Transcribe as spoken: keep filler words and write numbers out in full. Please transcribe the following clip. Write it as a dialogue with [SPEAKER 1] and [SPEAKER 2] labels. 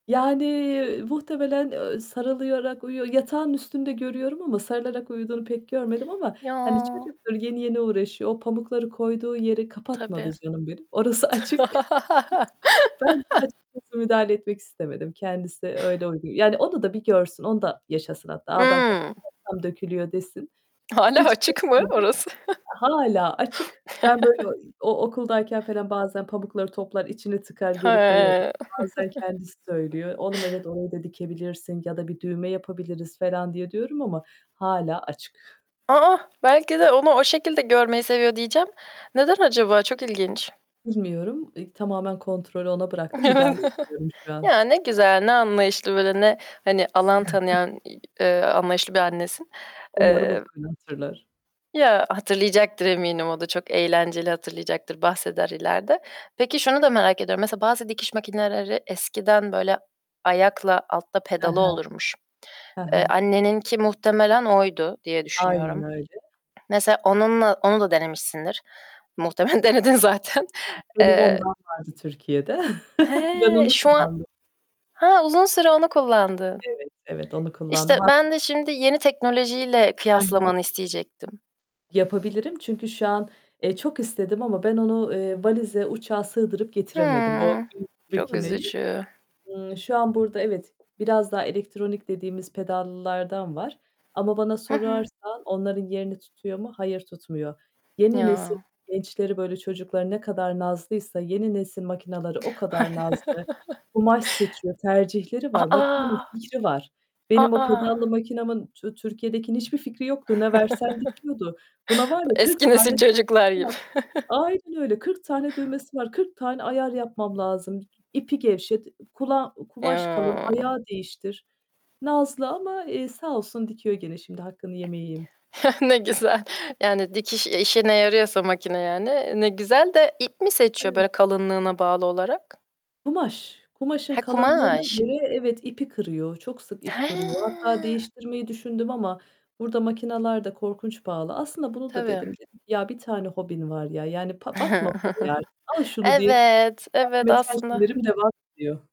[SPEAKER 1] Yani, muhtemelen, ııı, sarılıyarak uyuyor. Yatağının üstünde görüyorum ama sarılarak uyuduğunu pek görmedim ama, hani,
[SPEAKER 2] Ya!
[SPEAKER 1] çocuktur yeni, yeni uğraşıyor, o pamukları koyduğu yeri kapatmadı
[SPEAKER 2] Tabii.
[SPEAKER 1] canım benim, orası açık. Ben de açıkçası müdahale etmek istemedim. Kendisi öyle uygun Yani, onu da bir görsün, onu da yaşasın hatta. "A, ben
[SPEAKER 2] Hı!
[SPEAKER 1] kapatmazsam dökülüyor!" desin.
[SPEAKER 2] Hâlâ
[SPEAKER 1] Hiç
[SPEAKER 2] açık mı
[SPEAKER 1] karışmadım.
[SPEAKER 2] orası?
[SPEAKER 1] Hâlâ açık, ben böyle o i o okuldayken felan bazen pamukları toplar, içini tıkar, geri koyarım.
[SPEAKER 2] He.
[SPEAKER 1] Bazen kendisi söylüyor. "Oğlum evet, orayı da dikebilirsin ya da bir düğme yapabiliriz felan" diye, diyorum ama hâlâ açık.
[SPEAKER 2] A! Belki de onu o şekilde görmeyi seviyor, diyeceğim. Neden acaba? Çok ilginç!
[SPEAKER 1] Bilmiyorum. İk tamamen kontrolü ona bıraktım, müdahale etmiyorum şu an.
[SPEAKER 2] Ya, ne güzel, ne anlayışlı, böyle ne, hani, alan tanıyan i eee, anlayışlı bir annesin.
[SPEAKER 1] Umarım o
[SPEAKER 2] Eee
[SPEAKER 1] da beni hatırlar.
[SPEAKER 2] Ya. Hatırlayacaktır, eminim o da çok eğlenceli hatırlayacaktır, bahseder ileride. Peki, şunu da merak ediyorum, mesela bazı dikiş makineleri eskiden böyle ayakla altta
[SPEAKER 1] He
[SPEAKER 2] pedalı
[SPEAKER 1] he.
[SPEAKER 2] olurmuş.
[SPEAKER 1] He
[SPEAKER 2] Eee,
[SPEAKER 1] he.
[SPEAKER 2] anneninki muhtemelen oydu, diye
[SPEAKER 1] Aynen
[SPEAKER 2] düşünüyorum.
[SPEAKER 1] öyle!
[SPEAKER 2] Mesela onunla, onu da denemişsindir. Muhtemelen denedin zaten.
[SPEAKER 1] Benim
[SPEAKER 2] Eee
[SPEAKER 1] ondan vardı Türkiye'de. Ben
[SPEAKER 2] He!
[SPEAKER 1] onu
[SPEAKER 2] Şu an
[SPEAKER 1] kullandım.
[SPEAKER 2] He, uzun süre onu kullandın.
[SPEAKER 1] Evet, evet. Onu kullandım.
[SPEAKER 2] İşte,
[SPEAKER 1] Hatta
[SPEAKER 2] ben de şimdi yeni teknolojiyle
[SPEAKER 1] He he.
[SPEAKER 2] kıyaslamanı isteyecektim.
[SPEAKER 1] Yapabilirim. Çünkü şu an, eee, çok istedim ama ben onu, eee, valize, uçağa sığdırıp getiremedim, o
[SPEAKER 2] Hıı.
[SPEAKER 1] büyük
[SPEAKER 2] Çok
[SPEAKER 1] makineyi.
[SPEAKER 2] üzücü.
[SPEAKER 1] Imm, şu an burada evet, biraz daha elektronik dediğimiz pedallılardan var ama bana
[SPEAKER 2] Hı hı.
[SPEAKER 1] sorarsan onların yerini tutuyor mu, hayır, tutmuyor. Yeni nesil
[SPEAKER 2] Ya!
[SPEAKER 1] gençleri, böyle, çocukları ne kadar nazlıysa yeni nesil makinaları o kadar nazlı. Kumaş seçiyor, tercihleri
[SPEAKER 2] A,
[SPEAKER 1] var. Makinanın fikri var. Benim o pedallı
[SPEAKER 2] A.
[SPEAKER 1] makinamın Tü Türkiye'dekinin hiçbir fikri yoktu. Ne versen dikiyordu. Buna var
[SPEAKER 2] Dı
[SPEAKER 1] ya, kırk
[SPEAKER 2] eski
[SPEAKER 1] tane
[SPEAKER 2] nesil
[SPEAKER 1] düğmesi
[SPEAKER 2] çocuklar
[SPEAKER 1] var.
[SPEAKER 2] gibi.
[SPEAKER 1] Aynen öyle, kırk tane düğmesi var. Kırk tane ayar yapmam lazım. İpi gevşet, ı kula kumaş kalın,
[SPEAKER 2] Yaa.
[SPEAKER 1] ayağı değiştir. Nazlı ama, eee, sağ olsun, dikiyor gene, şimdi hakkını yemeyeyim.
[SPEAKER 2] Ne güzel. Yani, dikiş işine yarıyorsa makine yani, ne güzel de. İp mi seçiyor böyle
[SPEAKER 1] Eve
[SPEAKER 2] kalınlığına bağlı olarak?
[SPEAKER 1] Kumaş, kumaşın
[SPEAKER 2] He,
[SPEAKER 1] kalınlığına
[SPEAKER 2] kumaş.
[SPEAKER 1] göre evet, ipi kırıyor, çok sık ip kırıyor. Hatta
[SPEAKER 2] He!
[SPEAKER 1] değiştirmeyi düşündüm ama burada makinalar da korkunç pahalı. Aslında bunu da dedim.
[SPEAKER 2] Tabii.
[SPEAKER 1] Dedim ki, "Ya bir tane hobin var ya! Yani, pa bakma paraya artık al şunu." diye,
[SPEAKER 2] Evet, evet,
[SPEAKER 1] kendime
[SPEAKER 2] aslında
[SPEAKER 1] telkinlerim devam ediyor.